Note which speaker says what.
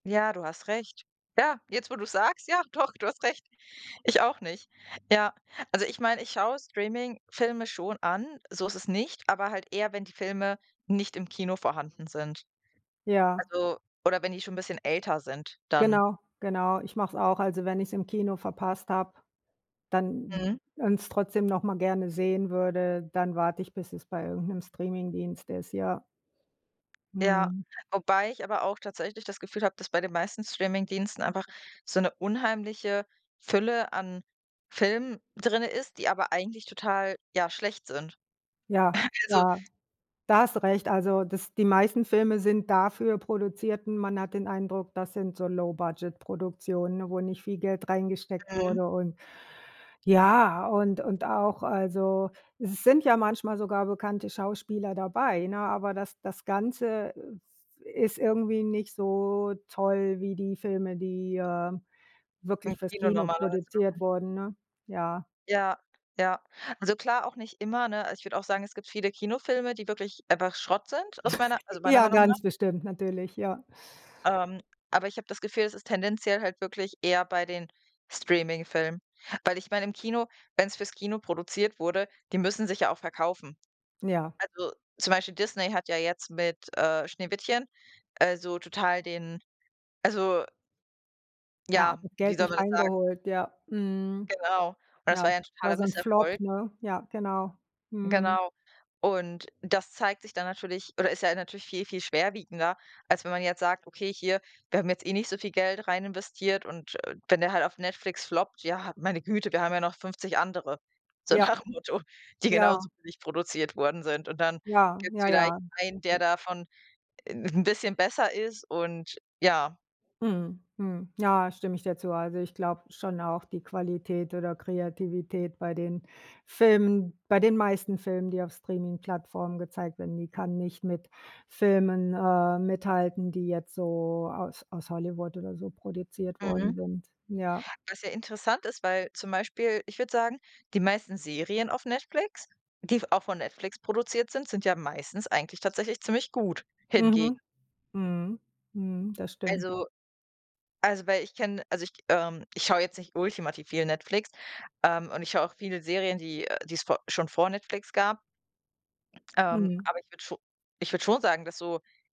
Speaker 1: Ja, du hast recht. Ja, jetzt, wo du es sagst, ja, doch, du hast recht. Ich auch nicht. Ja, also, ich meine, ich schaue Streaming-Filme schon an, so ist es nicht, aber halt eher, wenn die Filme nicht im Kino vorhanden sind.
Speaker 2: Ja.
Speaker 1: Also, oder wenn die schon 'n bisschen älter sind dann.
Speaker 2: Genau, genau. Ich mache es auch. Also, wenn ich es im Kino verpasst habe, dann
Speaker 1: Mhm.
Speaker 2: und es trotzdem noch mal gerne sehen würde, dann warte ich, bis es bei irgend 'nem Streamingdienst ist, ja.
Speaker 1: Ja,
Speaker 2: Mhm.
Speaker 1: wobei ich aber auch tatsächlich das Gefühl habe, dass bei den meisten Streamingdiensten einfach so 'ne unheimliche Fülle an Filmen drin ist, die aber eigentlich total, ja, schlecht sind.
Speaker 2: Ja,
Speaker 1: Also
Speaker 2: ja. Da hast du recht. Also, das die meisten Filme sind dafür produzierten. Man hat den Eindruck, das sind so Low Budget Produktionen, wo nicht viel Geld reingesteckt
Speaker 1: Mhm.
Speaker 2: wurde und ja und und auch also, es sind ja manchmal sogar bekannte Schauspieler dabei, ne? Aber das das Ganze, äh, ist irgendwie nicht so toll wie die Filme, die, äh, wirklich
Speaker 1: Im
Speaker 2: fürs
Speaker 1: Kino
Speaker 2: Kino
Speaker 1: normalerweise
Speaker 2: produziert
Speaker 1: kommen.
Speaker 2: wurden, ne? Ja.
Speaker 1: Ja, ja. Also, klar auch nicht immer, ne? Also, ich würde auch sagen, es gibt viele Kinofilme, die wirklich einfach Schrott sind aus meiner also, meiner
Speaker 2: Ja,
Speaker 1: Meinung nach.
Speaker 2: ganz bestimmt natürlich, ja.
Speaker 1: Ähm, aber ich habe das Gefühl, es ist tendenziell halt wirklich eher bei den Streaming-Filmen, weil ich meine im Kino wenn es fürs Kino produziert wurde, die müssen sich ja auch verkaufen.
Speaker 2: Ja.
Speaker 1: Also, zum Beispiel Disney hat ja jetzt mit, äh, Schneewittchen, äh, so total den also
Speaker 2: Ja,
Speaker 1: ja, wie
Speaker 2: Geld
Speaker 1: soll man
Speaker 2: nicht
Speaker 1: das sagen?
Speaker 2: reingeholt, ja. Mhm.
Speaker 1: Genau. Und das
Speaker 2: Ja,
Speaker 1: war ja 'n
Speaker 2: war
Speaker 1: totaler
Speaker 2: so 'n Flop,
Speaker 1: Misserfolg.
Speaker 2: ne? Ja, genau. Mhm.
Speaker 1: Genau. Und das zeigt sich dann natürlich oder ist ja natürlich viel, viel schwerwiegender, als wenn man jetzt sagt: „Okay, hier, wir haben jetzt eh nicht so viel Geld rein investiert und, äh, wenn der halt auf Netflix floppt, ja, meine Güte, wir haben ja noch 50 andere", so
Speaker 2: Ja.
Speaker 1: nach dem Motto, die
Speaker 2: Ja.
Speaker 1: genauso billig produziert worden sind. Und dann
Speaker 2: Ja,
Speaker 1: gibt es
Speaker 2: ja,
Speaker 1: vielleicht
Speaker 2: ja.
Speaker 1: einen, der davon 'n bisschen besser ist und ja.
Speaker 2: Mhm. Mhm. Ja, stimme ich dir zu. Also, ich glaube schon auch die Qualität oder Kreativität bei den Filmen bei den meisten Filmen, die auf Streaming-Plattformen gezeigt werden, die kann nicht mit Filmen, äh, mithalten, die jetzt so aus aus Hollywood oder so produziert worden
Speaker 1: Mhm.
Speaker 2: sind, ja.
Speaker 1: Was ja interessant ist, weil zum Beispiel ich würde sagen, die meisten Serien auf Netflix, die v auch von Netflix produziert sind, sind ja meistens eigentlich tatsächlich ziemlich gut hingegen.
Speaker 2: Mhm. Mhm. Mhm. Das stimmt.
Speaker 1: Also also, weil ich kenne, also, ich, ähm ich schaue jetzt nicht ultimativ viel Netflix, ähm, und ich schaue auch viele Serien, die, äh, die es vo schon vor Netflix gab ähm,
Speaker 2: Mhm.
Speaker 1: aber ich würde scho ich würde schon sagen, dass so